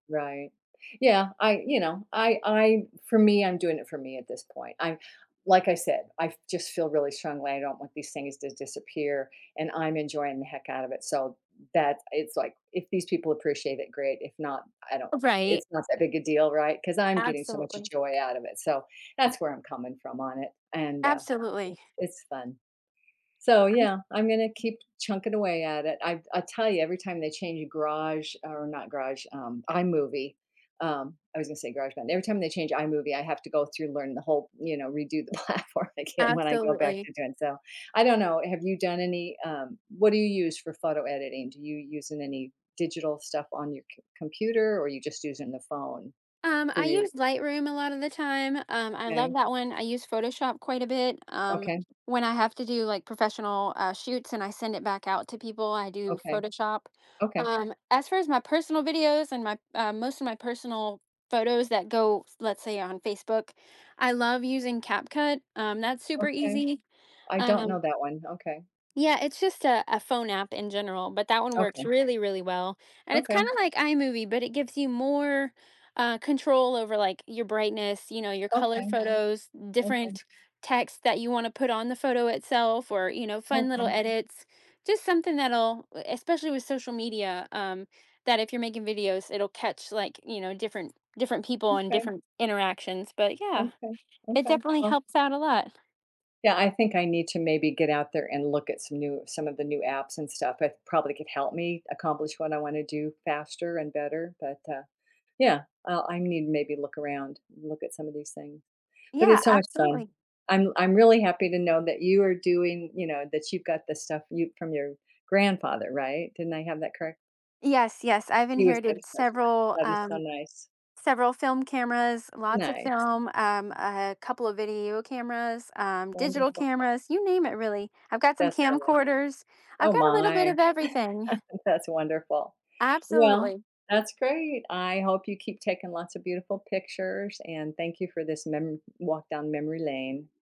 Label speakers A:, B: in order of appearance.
A: Right, yeah, I, you know, I I for me, I'm doing it for me at this point, I'm, like, I said, I fe I just feel really strongly, I don't want these things to disappear, and I'm enjoying the heck out of it, so, that it's, like, if these people appreciate it, great, if not, I don't
B: Right.
A: it's not that big a deal, right, 'cause I'm getting so much
B: Absolutely.
A: joy out of it, so, that's where I'm coming from on it, and, uh,
B: Absolutely.
A: it's it's fun, so,
B: I'm ju
A: yeah, I'm gonna keep chunking away at it. I I'll tell you, every time they change a garage, or not garage, um, iMovie, um- I was gonna say GarageBand- every time they change iMovie, I have to go through and learn the whole, you know, redo the platform again when I go back
B: Absolutely.
A: to doing, so, I don't know, have you done any, um what do you use for photo editing? Do you use any digital stuff on your com computer or are you just using the phone
B: Um,
A: for
B: I
A: your
B: use Lightroom a lot of the time, um, I love
A: Okay.
B: that one, I use Photoshop quite a bit, um,
A: Okay.
B: when I have to do, like, professional, uh, shoots, and I send it back out to people, I do
A: Okay,
B: Photoshop,
A: okay.
B: um, as far as my personal videos, and my, uh, most of my personal photos that go, let's say on Facebook, I love using Cap Cut, um, that's super
A: Okay,
B: easy,
A: I don't know
B: um
A: that one, okay.
B: Yeah, it's just a phone app in general, but that one works
A: Okay.
B: really, really well, and it's kinda
A: Okay.
B: like iMovie, but it gives you more, uh, control over, like, your brightness, you know, your colored
A: Okay,
B: photos,
A: okay.
B: different text that you want to put on the photo itself, or, you know, fun little
A: Okay.
B: edits, just something that'll, e especially with social media, um, that if you're making videos, it'll catch, like, you know, different different people and
A: Okay.
B: different interactions, but yeah,
A: Okay,
B: it
A: okay,
B: definitely
A: well
B: helps out a lot.
A: Yeah, I think I need to maybe get out there and look at some new some of the new apps and stuff, it probably could help me accomplish what I wanna do faster and better, but, uh, yeah, I I need to maybe look around, look at some of these things. But
B: Yeah,
A: it's so much fun.
B: absolutely.
A: I'm I'm really happy to know that you are doing, you know that you've got the stuff you from your grandfather, right, didn't I have that correct?
B: Yes, yes, I've
A: He was such
B: inherited
A: [unintelligible]
B: several,
A: that is so
B: um,
A: nice.
B: several film cameras, lots of
A: Nice.
B: film, um, a couple of video cameras, um, digital
A: Wonderful.
B: cameras, you name it, really. I've got some
A: That's funny,
B: camcorders, I've
A: oh
B: got a little bit
A: my,
B: of everything.
A: that's wonderful. Well,
B: Absolutely.
A: that's great, I hope you keep taking lots of beautiful pictures and thank you for this mem walk down memory lane.